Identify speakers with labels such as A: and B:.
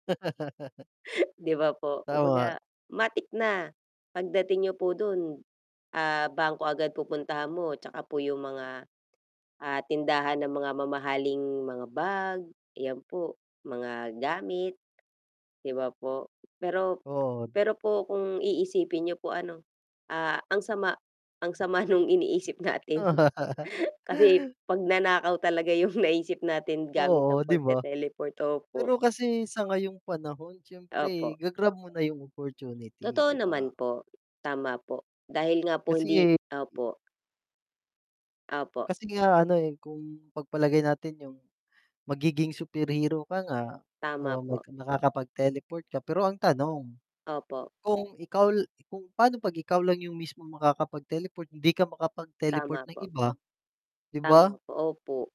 A: Di ba po?
B: Tama.
A: Kumbaga, matik na pagdating niyo po dun, ah, bangko agad pupuntahan mo tsaka po 'yong mga, ah, tindahan ng mga mamahaling mga bag, ayan po, mga gamit 'di ba po? Pero
B: Oo, da
A: pero po kung iisipin niyo po ano, ah, ang sama ang sama nung iniisip natin kasi pagnanakaw talaga yung naisip natin gamit
B: Oo,
A: ang
B: 'di ba?
A: pagte-teleport, opo.
B: Pero kasi sa ngayong panahon siyempre
A: Opo.
B: ga-grab mo na yung opportunity,
A: Totoo
B: 'di ba?
A: naman po, tama po. Dahil nga po
B: Kasi
A: hindi
B: eh, i
A: opo. Opo.
B: Kasi nga ano, eh, kung pagpalagay natin yung magiging superhero ka nga,
A: Tama
B: oo, mag
A: po.
B: nakakapag-teleport ka. Pero ang tanong,
A: Opo.
B: kung ikaw l kung paano 'pag ikaw lang yung mismong makakapag-teleport, hindi ka makapag-teleport
A: Tama
B: ng
A: po.
B: iba, 'di ba?
A: Tama opo.